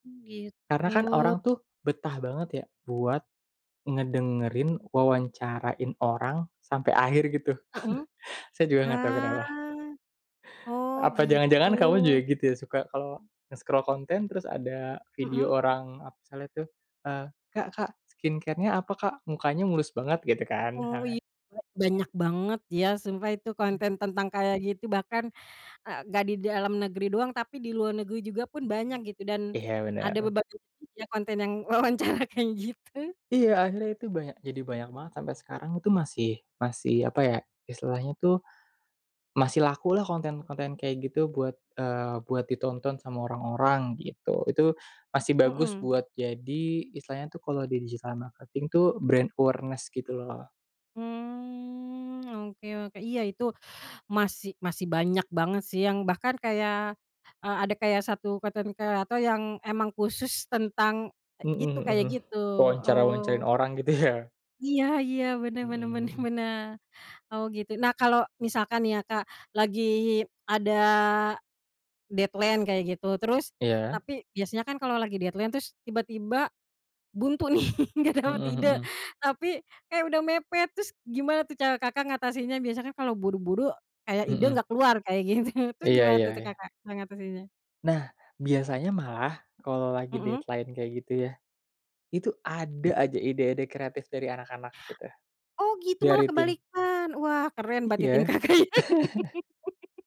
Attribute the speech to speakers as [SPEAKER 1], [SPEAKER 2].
[SPEAKER 1] Mmm,
[SPEAKER 2] Karena
[SPEAKER 1] gitu.
[SPEAKER 2] kan orang tuh betah banget ya buat ngedengerin, wawancarain orang sampai akhir gitu.
[SPEAKER 1] Mhm.
[SPEAKER 2] Saya juga gak tahu
[SPEAKER 1] Ah.
[SPEAKER 2] kenapa.
[SPEAKER 1] Oh,
[SPEAKER 2] Apa
[SPEAKER 1] gitu.
[SPEAKER 2] jangan-jangan kamu juga gitu ya suka kalau nge-scroll konten terus ada video
[SPEAKER 1] Mhm.
[SPEAKER 2] orang ap misalnya tuh, eee, "Kak Kak, skincare-nya apa, Kak? Mukanya mulus banget", gitu kan
[SPEAKER 1] Oh, iya.
[SPEAKER 2] misalnya.
[SPEAKER 1] Banyak banget ya sumpah itu
[SPEAKER 2] Hmm.
[SPEAKER 1] konten tentang kayak gitu bahkan, eee, nggak di dalam negeri doang tapi di luar negeri juga pun banyak gitu dan
[SPEAKER 2] Iya,
[SPEAKER 1] ada
[SPEAKER 2] benar.
[SPEAKER 1] beberapa ya konten yang wawancara kayak gitu.
[SPEAKER 2] Iya, akhirnya itu banyak jadi banyak banget sampe sekarang itu masih masih apa ya istilahnya itu, masih lakulah konten-konten kayak gitu buat, eee, buat ditonton sama orang-orang gitu. Itu masih bagus
[SPEAKER 1] Mmm.
[SPEAKER 2] buat jadi istilahnya tuh kalau di digital marketing tuh brand awareness gitu loh.
[SPEAKER 1] Mmm, oke oke. Iya, itu masih masih banyak banget sih yang bahkan kayak, eee, ada kayak 1 konten kreator yang emang khusus tentang
[SPEAKER 2] Mhm
[SPEAKER 1] itu
[SPEAKER 2] mhm,
[SPEAKER 1] kayak
[SPEAKER 2] hmm.
[SPEAKER 1] gitu,
[SPEAKER 2] Wawancara-wawancarain
[SPEAKER 1] oh.
[SPEAKER 2] orang gitu ya.
[SPEAKER 1] Iya iya, bener bener bener
[SPEAKER 2] Mmm.
[SPEAKER 1] bener. Oh, gitu. Nah, kalau misalkan nih ya, Kak, lagi ada deadline kayak gitu terus
[SPEAKER 2] Iya.
[SPEAKER 1] tapi biasanya kan kalau lagi deadline terus tiba-tiba buntu nih nggak dapet
[SPEAKER 2] Mhm
[SPEAKER 1] ide,
[SPEAKER 2] mhm.
[SPEAKER 1] tapi, eh udah mepet terus gimana tuh cara Kakak ngatasinnya? Biasa kan kalau buru-buru kayak ide
[SPEAKER 2] Mhm.
[SPEAKER 1] nggak keluar kayak gitu, terus
[SPEAKER 2] Iya
[SPEAKER 1] gimana
[SPEAKER 2] iya
[SPEAKER 1] tuh
[SPEAKER 2] iya.
[SPEAKER 1] Kakak cara ngatasinnya?
[SPEAKER 2] Nah, biasanya malah kalau lagi
[SPEAKER 1] Mhm.
[SPEAKER 2] deadline kayak gitu ya, itu ada aja ide-ide kreatif dari anak-anak gitu,
[SPEAKER 1] Oh, gitu malah
[SPEAKER 2] dari tim.
[SPEAKER 1] kebalikan. Wah, keren berarti tim
[SPEAKER 2] Iya.
[SPEAKER 1] Kakak ya.